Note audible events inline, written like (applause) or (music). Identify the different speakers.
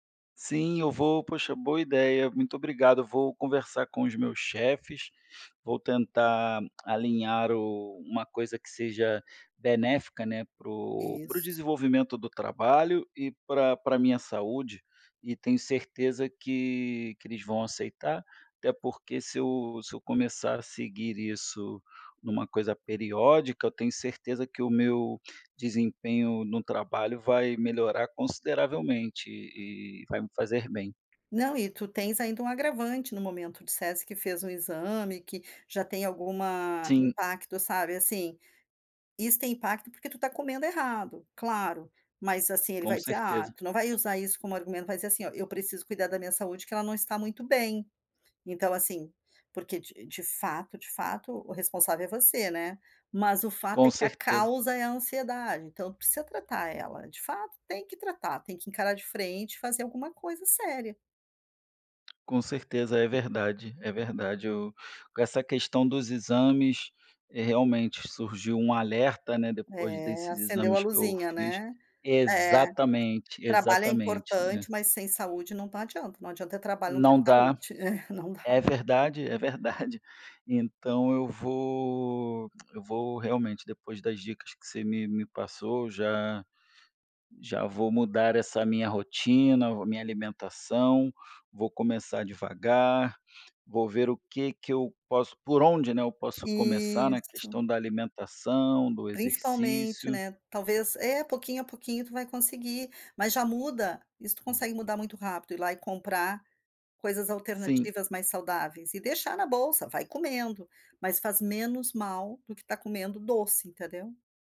Speaker 1: Sim, eu vou, poxa, boa ideia, muito obrigado. Vou conversar com os meus chefes, vou tentar alinhar o uma coisa que seja benéfica, né. Para o para o
Speaker 2: Isso.
Speaker 1: desenvolvimento do trabalho. E pra pra a minha saúde, e tenho certeza que que eles vão aceitar. Até porque se eu se eu começar a seguir isso numa coisa periódica, eu tenho certeza que o meu desempenho no trabalho vai melhorar consideravelmente e e vai me fazer bem.
Speaker 2: Não, e tu tens ainda um agravante no momento, tu disseste que fez um exame, que já tem alguma
Speaker 1: Sim.
Speaker 2: impacto, sabe. Assim, isso tem impacto porque tu tá comendo errado. Claro, mas assim ele
Speaker 1: Com
Speaker 2: vai dizer ah,
Speaker 1: certeza.
Speaker 2: tu não vai usar isso como argumento, vai dizer assim, olha, eu preciso cuidar da minha saúde, que ela não está muito bem. Então assim, porque de de fato, de fato, o responsável é você, né, mas o fato
Speaker 1: Com
Speaker 2: é que a
Speaker 1: certeza.
Speaker 2: causa é a ansiedade. Então, precisa tratar ela, de fato tem que tratar, tem que encarar de frente e fazer alguma coisa séria.
Speaker 1: Com certeza, é verdade, é verdade. Eu com essa questão dos exames, eh, realmente surgiu um alerta, né, depois
Speaker 2: É,
Speaker 1: desses
Speaker 2: acendeu a
Speaker 1: exames que eu
Speaker 2: luzinha,
Speaker 1: fiz,
Speaker 2: né. É,
Speaker 1: exatamente,
Speaker 2: trabalho é
Speaker 1: exatamente, é.
Speaker 2: importante mas sem saúde não tá adianta, não adianta trabalho, não ter
Speaker 1: Não dá,
Speaker 2: saúde, (laughs) não dá.
Speaker 1: é verdade, é verdade. Então, eu vou eu vou realmente, depois das dicas que você me me passou, já já vou mudar essa a minha rotina, vou a minha alimentação, vou começar devagar. Vou ver o que que eu posso, por onde, né, eu posso começar na
Speaker 2: Isso.
Speaker 1: questão da alimentação, do
Speaker 2: Principalmente,
Speaker 1: exercício.
Speaker 2: né, talvez é, pouquinho a pouquinho tu vai conseguir, mas já muda, isso tu
Speaker 1: Hum.
Speaker 2: consegue mudar muito rápido. Ir lá e comprar coisas
Speaker 1: Sim.
Speaker 2: alternativas mais saudáveis, e deixar na bolsa, vai comendo, mas faz menos mal do que tá comendo doce entendeu.